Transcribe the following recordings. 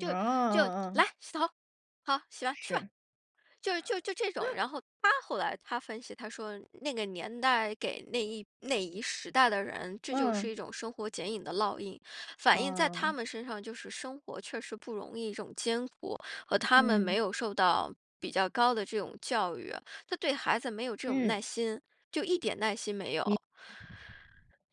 就就，嗯“来，嗯。洗头，好，洗吧，去吧，”是。就就就这种。然后他后来他分析，他说：“那个年代给那一那一时代的人，这就是嗯。一种生活剪影的烙印。“反映在他嗯。们身上，就是生活确实不容易这种艰苦，和他们没嗯。有受到比较高的这种教育，他对孩子没有这种耐嗯。心，就一点耐心没你有。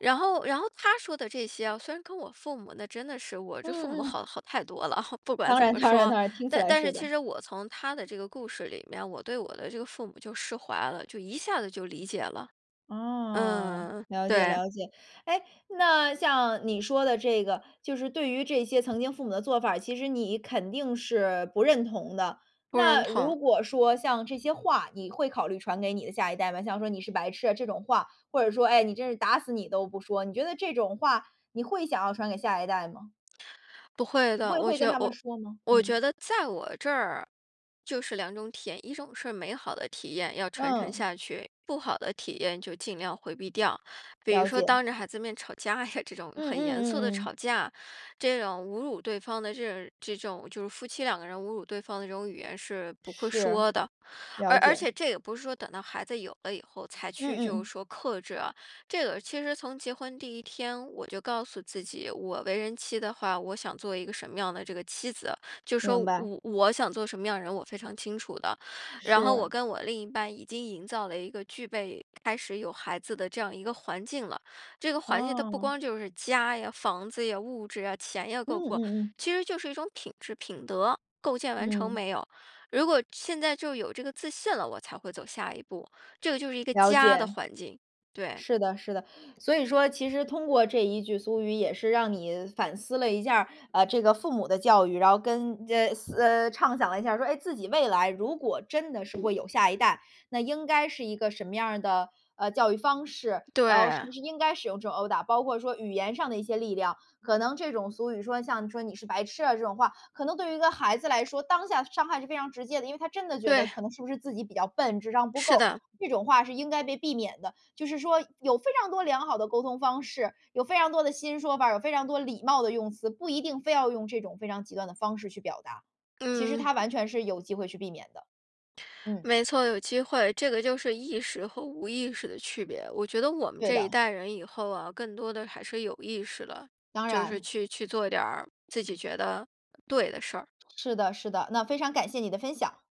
然后然后他说的这些哦，虽然跟我父母，那真的是我这父嗯母嗯。好好太多了，不管当怎然么当然说，当然，听起但来但是是其的。实我从他的这个故事里面，我对我的这个父母就释怀了，就一下子就理解了啊，嗯，了解对。了解。诶，那像你说的这个就是对于这些曾经父母的做法儿，其实你肯定是不认同的。不认那同。如果说像这些话你会考虑传给你的下一代吗？像说：“你是白痴啊”这种话，或者说，诶，“你真是打死你都不说，”你觉得这种话你会想要传给下一代吗？不会的。会我会觉跟得他们我说吗？我嗯。觉得在我这儿就是两种体验，一种是美好的体验，要传承嗯。下去，不好的体验就尽量回避掉。比如了说解。当着孩子的面吵架呀，这种嗯嗯很严肃的嗯吵嗯。架，这种侮辱对方的这种这种就是夫妻两个人侮辱对方的这种语言是不会是，说的。了而而解。且这个也不是说等到孩子有了以后才嗯去嗯就嗯。是说克制啊，这个其实从结婚第一天，我就告诉自己，我为人妻的话，我想做一个什么样的这个妻子。就是说，明白。我我想做什么样的人，我非常清楚的。然后我是。跟我另一半已经营造了一个具备开始有孩子的这样一个环境了，这个环境它不哦。光就是家呀、房子呀、物质呀、钱呀嗯够不够，嗯嗯。其实就是一种品质、品德，构建完成嗯。没有。如果现在就有这个自信了，我才会走下一步。这就是一个了家的解。环境，对。是的，是的。所以说其实通过这一句俗语，也是让你反思了一下，呃，这个父母的教育，然后跟，呃，呃，畅想了一下，说诶自己未来如果真的是会有下一代，那应该是一个什么样的，呃，教育方式。然后是不对。是应该使用这种殴打，包括说语言上的一些力量，可能这种俗语说像说你是白痴啊这种话，可能对于一个孩子来说，当下伤害是非常直接的。因为他真的觉得可对。能是不是自己比较笨，智商不是够。的。这种话是应该被避免的，就是说有非常多良好的沟通方式，有非常多的新说法，有非常多礼貌的用词，不一定非要用这种非常极端的方式去表达。其实嗯。他完全是有机会去避免的。嗯。没错，有机会，这个就是意识和无意识的区别。我觉得我们对这一的。代人以后哦，更多地还是有意识地，当就是然。去去做点儿自己觉得对的事儿。是的是的，那非常感谢你的分享。